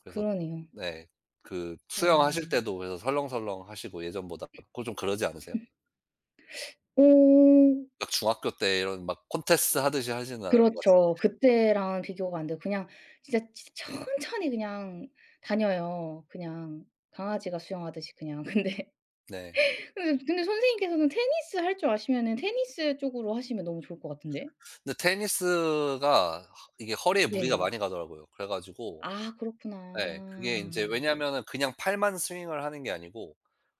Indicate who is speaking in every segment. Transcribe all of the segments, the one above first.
Speaker 1: 그래서
Speaker 2: 그러네요.
Speaker 1: 네 그 수영하실
Speaker 2: 음.
Speaker 1: 때도 그래서 설렁설렁하시고 예전보다 그 좀 그러지 않으세요?
Speaker 2: 음. 어.
Speaker 1: 막 중학교 때 이런 막 콘테스트 하듯이 하진 않을 것 같은데.
Speaker 2: 그렇죠. 그때랑 비교가 안 돼요. 그냥 진짜 지 천천히 그냥 다녀요 그냥 강아지가 수영하듯이 그냥. 근데
Speaker 1: 네.
Speaker 2: 근데 근데 선생님께서는 테니스 할 줄 아시면은 테니스 쪽으로 하시면 너무 좋을 것 같은데.
Speaker 1: 근데 테니스가 허 이게 허리에 무리가
Speaker 2: 네.
Speaker 1: 많이 가더라고요. 그래 가지고
Speaker 2: 아 그렇구나.
Speaker 1: 네 그게 인제 왜냐면은 그냥 팔만 스윙을 하는 게 아니고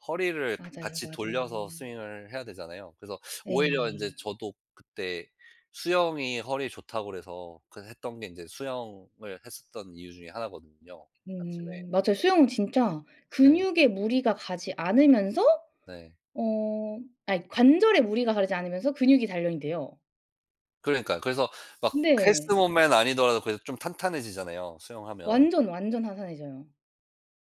Speaker 1: 허리를
Speaker 2: 맞아요,
Speaker 1: 같이 돌려서
Speaker 2: 맞아요.
Speaker 1: 스윙을 해야 되잖아요. 그래서 오히려 인제
Speaker 2: 네.
Speaker 1: 저도 그때 수영이 허리에 좋다 그래서 그 했던 게 이제 수영을 했었던 이유 중에 하나거든요 아침에.
Speaker 2: 음 맞아요. 수영은 진짜
Speaker 1: 네.
Speaker 2: 근육에 무리가 가지 않으면서
Speaker 1: 네.
Speaker 2: 어 아니 관절에 무리가 가지 않으면서 근육이 단련이 돼요.
Speaker 1: 그러니까요. 그래서 막 헬스
Speaker 2: 네.
Speaker 1: 몸매는 아니더라도 그래도 좀 탄탄해지잖아요 수영하면.
Speaker 2: 완전, 완전 탄탄해져요.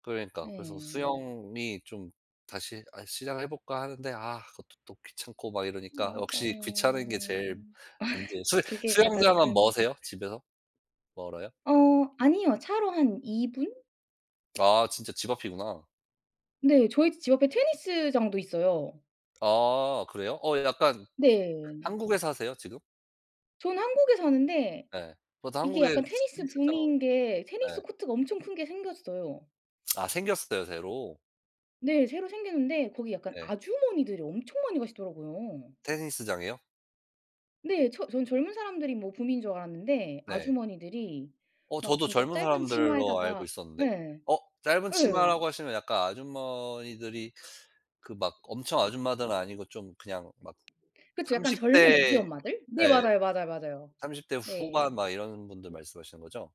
Speaker 1: 그러니까요. 그래서
Speaker 2: 네.
Speaker 1: 수영이 좀 다시 아 시작을 해볼까 하는데 아 그것도 또 귀찮고 막 이러니까 역시 귀찮은 게
Speaker 2: 맞아요
Speaker 1: 제일 문제에요 수
Speaker 2: 그게 가장
Speaker 1: 수영장은
Speaker 2: 큰
Speaker 1: 머세요 집에서? 멀어요?
Speaker 2: 어 아니요 차로 한 2 분?
Speaker 1: 아 진짜 집 앞이구나.
Speaker 2: 네 저희 지 집 앞에 테니스장도 있어요.
Speaker 1: 아 그래요. 어 약간
Speaker 2: 네.
Speaker 1: 한국에 사세요 지금?
Speaker 2: 전 한국에 사는데
Speaker 1: 네. 저도
Speaker 2: 이게
Speaker 1: 한국에
Speaker 2: 약간 테니스
Speaker 1: [unintelligible]
Speaker 2: 붐인 게 테니스
Speaker 1: 네.
Speaker 2: 코트가 엄청 큰 게 생겼어요.
Speaker 1: 아 생겼어요 새로.
Speaker 2: 네. 새로 생겼는데 거기 약간
Speaker 1: 네.
Speaker 2: 아주머니들이 엄청 많이 가시더라고요.
Speaker 1: 테니스장이요?
Speaker 2: 네. 저 저는 젊은 사람들이 뭐 붐인 줄 알았는데
Speaker 1: 네.
Speaker 2: 아주머니들이
Speaker 1: 어
Speaker 2: 막
Speaker 1: 저도
Speaker 2: 진짜
Speaker 1: 젊은
Speaker 2: 짧은
Speaker 1: 사람들로 알고
Speaker 2: 치마에다가
Speaker 1: 있었는데.
Speaker 2: 예
Speaker 1: 어 짧은
Speaker 2: 예.
Speaker 1: 치마라고 하시면 약간 아주머니들이 그 막 엄청 아줌마들은 아니고 좀 그냥 막
Speaker 2: 그쵸 약간
Speaker 1: 30
Speaker 2: 젊은 애기
Speaker 1: 대
Speaker 2: 엄마들? 네
Speaker 1: 예
Speaker 2: 맞아요, 맞아요, 맞아요.
Speaker 1: 30 대 후반
Speaker 2: 네.
Speaker 1: 막 이런 분들 말씀하시는 거죠?